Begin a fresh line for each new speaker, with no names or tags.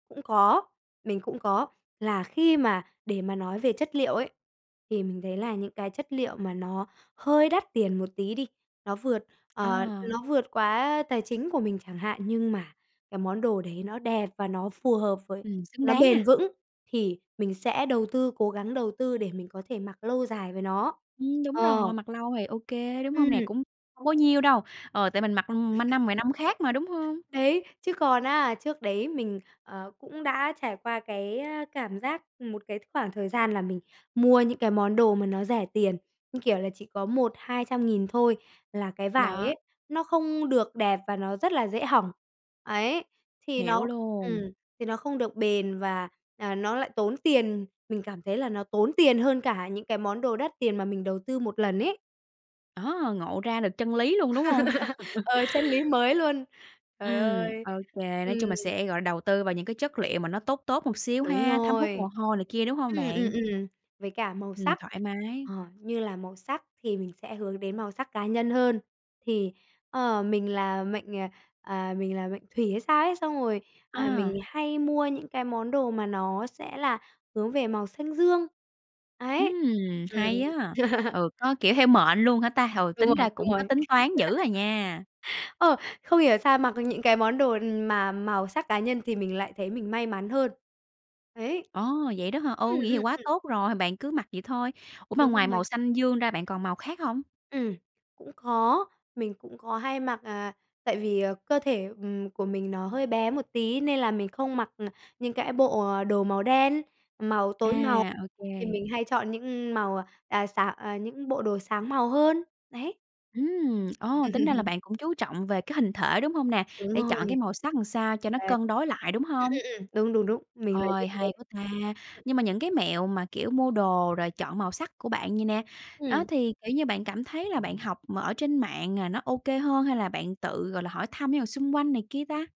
Cũng có, mình cũng có, là khi mà để mà nói về chất liệu ấy, thì mình thấy là những cái chất liệu mà nó hơi đắt tiền một tí đi, nó vượt, ờ,
À.
nó vượt quá, a, tài chính của mình chẳng hạn, nhưng mà cái món đồ đấy nó đẹp và nó phù hợp, với
Ừm, xứng
nó
đáng
bền
ha.
vững thì mình sẽ đầu tư, cố gắng đầu tư để mình có thể mặc lâu dài với nó.
Ừm, đúng
Ờ.
rồi, mặc lâu thì OK, đúng hông nè?
Ừm.
Cũng hông có nhiêu đâu. Ờ, tại mình mặc ma năm 10 năm khác mà, đúng hông?
Đấy, chứ còn á trước đấy mình, ờ, cũng đã trải qua cái, a, cảm giác một cái khoảng thời gian là mình mua những cái món đồ mà nó rẻ tiền, như kiểu là, chỉ có 1-200.000 thôi, là cái vải
Đó.
ấy nó không được đẹp và nó rất là dễ hỏng, ấy, thì
Hiểu
nó ừm,
luôn.
thì nó không được bền và, à, nó lại tốn tiền. Mình cảm thấy là nó tốn tiền hơn cả những cái món đồ đắt tiền mà mình đầu tư 1 lần ấy.
Đó, ngộ ra được chân lý luôn, đúng hông?
Ờ, chân lý mới luôn. Trời
Ừm,
ơi,
OK, nói chung là
ừm.
sẽ, gọi, đầu tư vào những cái chất liệu mà nó tốt tốt một xíu
Đúng
ha, thấm hút mồ
rồi.
hôi này kia, đúng hông
Ừm, ừm,
bạn?
ừm, với cả màu
Ừm,
sắc,
thoải mái.
ờ, như là màu sắc thì mình sẽ hướng đến màu sắc cá nhân hơn. Thì, ờ, mình là mệnh, à, à, mình là mệnh Thủy hay sao ấy, xong rồi, ờ,
À.
mình hay mua những cái món đồ mà nó sẽ là hướng về màu xanh dương, ấy,
Ừm,
ừm.
hay á, ừ, có, kiểu, theo mệnh luôn hả ta? Ừ,
Đúng
tính
rồi,
ra
đúng
cũng có
rồi.
tính toán dữ à nha.
Ờ, không hiểu sao mặc những cái món đồ mà màu sắc cá nhân thì mình lại thấy mình may mắn hơn. Ấy.
Ồ, vậy đó hả? Ừ,
Ừm,
vậy thì
ừm,
quá
ừm.
tốt rồi, h bạn cứ mặc vậy thôi. Ủa, mà
Đúng
ngoài màu
rồi.
xanh dương ra bạn còn màu khác hông?
Ừm, cũng có, mình cũng có hay mặc, à, tại vì, à, cơ thể, ừm, của mình nó hơi bé một tí nên là mình không mặc, ờ, những cái bộ đồ màu đen, màu tối màu,
À,
thì
OK.
mình hay chọn những, ừm, màu, à, sáng à, những bộ đồ sáng màu hơn, đấy.
Ừm, ồ, tính ra là bạn cũng chú trọng về cái hình thể, đúng hông nè?
Đúng
Để
rồi.
chọn cái màu sắc làm sao cho nó
Đấy.
cân đối lại, đúng
Ừm,
hông?
ừm, ừm. Đúng, đúng, đúng, mình là như
Ôi,
thế
hay quá ta.
đấy.
Nhưng mà những cái mẹo mà, kiểu, mua đồ rồi chọn màu sắc của bạn vầy nè, đó,
Ừm.
thì, kiểu như, bạn cảm thấy là bạn học mà ở trên mạng là nó OK hơn hay là bạn tự, gọi là, hỏi thăm những người xung quanh này kia ta?